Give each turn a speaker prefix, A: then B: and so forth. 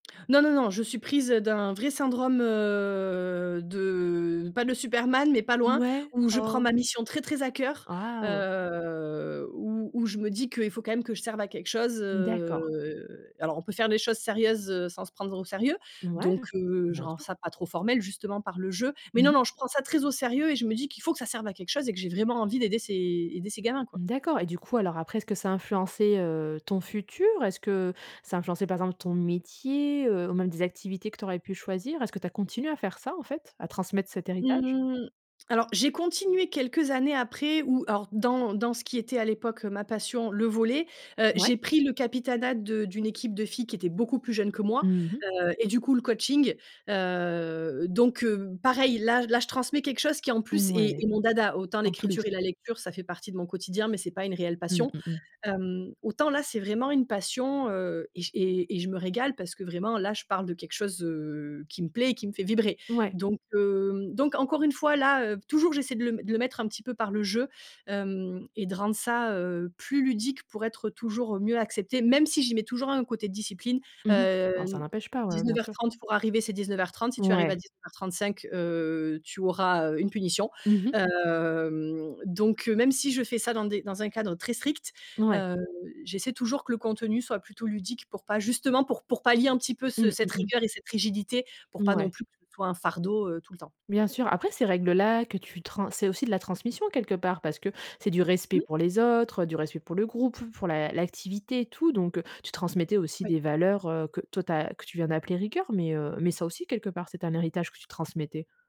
A: Non, non, non, je suis prise, heu, d'un vrai syndrome, heu, de pas de superman, mais pas loin.
B: Mouais,
A: Où je prends ma
B: oh.
A: mission très, très à cœur,
B: Wouah.
A: heu, où où je me dis qu'il faut quand même que je serve à quelque chose,
B: D'accord.
A: heu. Alors, on peut faire des choses sérieuses, heu, sans se prendre au sérieux.
B: Mouais,
A: Donc, heu, je
B: bien
A: rends
B: sûr.
A: ça pas trop formel, justement par le jeu. Mais
B: Mmh
A: non,
B: mh.
A: non, je prends ça très au sérieux et je me dis qu'il faut que ça serve à quelque chose et que j'ai vraiment envie d'aider ces aider ces gamins quoi.
B: D'accord. Et du coup, alors après, est-ce que ça a influencé, heu, ton futur? Est-ce que ça a influencé par exemple ton métier, heu, ou même des activités que tu aurais pu choisir? Est-ce que tu as continué à faire ça en fait, à transmettre cet héritage?
A: Mmh. Alors j'ai continué quelques années après, ou alors dans dans ce qui était à l'époque, heu, ma passion, le volley. Heu
B: Ouais.
A: j'ai pris le capitanat de d'une équipe de filles qui étaient beaucoup plus jeunes que moi.
B: Mmh mh.
A: Heu et du coup le coaching. Heu, donc, heu, pareil là j là je transmets quelque chose qui en plus est
B: Ouais,
A: est mon dada. Autant
B: en plus.
A: l'écriture et la lecture ça fait partie de mon quotidien, mais c'est pas une réelle
B: Mmh
A: passion.
B: mh mh.
A: Hem, autant là c'est vraiment une passion, heu et je et et je me régale parce que vraiment là je parle de quelque chose, heu, qui me plaît et qui me fait vibrer.
B: Ouais.
A: Donc hem, donc encore une fois là, heu p toujours j'essaie de le m de le mettre un petit peu par le jeu, hem et de rendre ça, heu, plus ludique. Pour être toujours mieux accepté, même si j'y mets toujours un côté discipline.
B: Mmh mh.
A: Heu,
B: Oh ça
A: n
B: n'empêche pas, ouais, bien
A: dix-neuf heure
B: sûr.
A: trente pour arriver, c'est 19:30. Si tu arrives à
B: Mouais.
A: 19:35, heu, tu auras, heu, une punition.
B: Mmh mh.
A: Hem, donc, heu, même si je fais ça dans des dans un cadre très strict,
B: N ouais.
A: heu, j'essaie toujours que le contenu soit plutôt ludique. Pour pas justement pour pour pallier un petit peu ce
B: Mmh
A: cette
B: mh mh.
A: rigueur et cette rigidité. Pour pas non
B: Mouais.
A: plus que ce soit un fardeau, heu, tout le temps.
B: Bien sûr. Après ces règles là que tu trans c'est aussi de la transmission quelque part. Parce que c'est du respect
A: Mmh.
B: pour les autres, heu, du respect pour le groupe, pour l'a l'activité, tout. Donc, heu, tu transmettais aussi
A: Oui.
B: des valeurs, heu, que toi tu as. Que tu viens d'appeler rigueur. Mais, heu mais ça aussi, quelque part, c'est un héritage que tu transmettais.